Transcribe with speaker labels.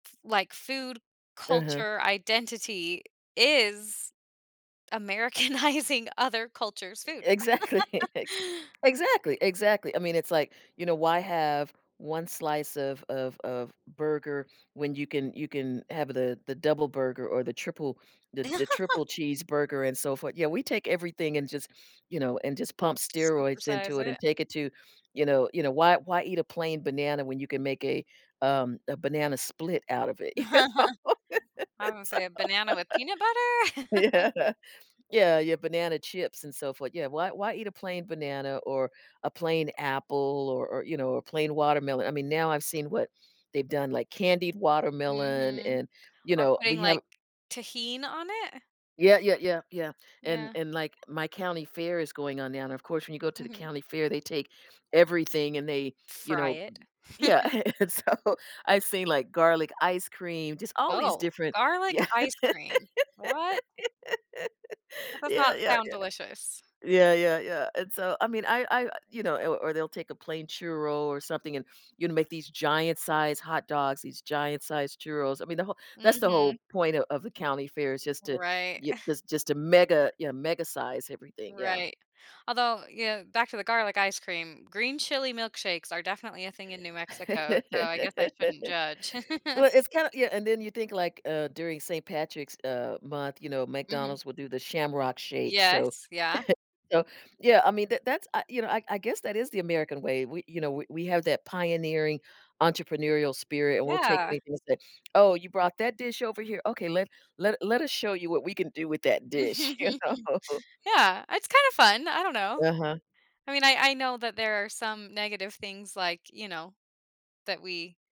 Speaker 1: T Like, food,
Speaker 2: Uh-huh.
Speaker 1: culture, identity is Americanizing other culture's
Speaker 2: E
Speaker 1: food.
Speaker 2: exactly, ex exactly, exactly, I mean, it's like, you know, why have 1 slice of of of burger when you can you can have the the double burger or the triple the j triple cheeseburger, and so for yeah, we take everything and just, you know, and just pump steroids into
Speaker 1: Supersize
Speaker 2: it and
Speaker 1: it.
Speaker 2: take it to, you know you know, why why eat a plain banana when you can make a, um, a banana split out of it? You know,
Speaker 1: I'm gonna
Speaker 2: it's so
Speaker 1: say a banana with peanut butter?
Speaker 2: Yeah. Yeah yeah, banana chips, and so forth, yeah, why why eat a plain banana or a plain apple or or, you know, or plain watermelon? I mean, now I've seen what they've done, like, candied watermelon
Speaker 1: Mhm,
Speaker 2: and, you
Speaker 1: or
Speaker 2: know,
Speaker 1: putting,
Speaker 2: we have
Speaker 1: like, tajin on it?
Speaker 2: Yeah, yeah, yeah, yeah, and
Speaker 1: Yeah.
Speaker 2: and like my county fair is going on now, and of course, when you go to the
Speaker 1: Mhm.
Speaker 2: county fair they take everything and they, you
Speaker 1: Fry
Speaker 2: know
Speaker 1: it.
Speaker 2: Yeah, and and so I've seen, like, garlic ice cream, just all these
Speaker 1: Oh,
Speaker 2: different
Speaker 1: garlic
Speaker 2: Yeah.
Speaker 1: ice cream, what? That does
Speaker 2: Yeah,
Speaker 1: not
Speaker 2: yeah,
Speaker 1: sound
Speaker 2: yeah.
Speaker 1: delicious.
Speaker 2: Yeah, yeah, yeah, and so, I mean, I I you know or or they'll take a plain churro or something and, you know, make these giant-sized hot dogs, these giant-sized churros, I mean, the whole that's the
Speaker 1: Mhm.
Speaker 2: whole point of of the county fair is just to
Speaker 1: Right,
Speaker 2: y
Speaker 1: uh
Speaker 2: is just to mega, you know, mega size everything, yeah.
Speaker 1: Right, although, you know, back to the garlic ice cream, green chili milkshakes are definitely a thing in New Mexico, so I guess I shouldn't judge.
Speaker 2: Well, it's kinda yeah, and then you think, like, uh, during St. Patrick's, uh, month, you know,
Speaker 1: Mhm.
Speaker 2: McDonald's would do the Shamrock shake, so
Speaker 1: Yes, yeah.
Speaker 2: so Yeah, I mean, th that's I you know, I I guess that is the American way, we you know, we we have that pioneering entrepreneurial spirit and we'll take
Speaker 1: Yeah.
Speaker 2: anything and say, "Oh, you brought that dish over here? Okay, let let let us show you what we can do with that dish." You know?
Speaker 1: Yeah, it's kinda fun, I don't know.
Speaker 2: Uh-huh.
Speaker 1: I mean, I I know that there are some negative things, like, you know, that we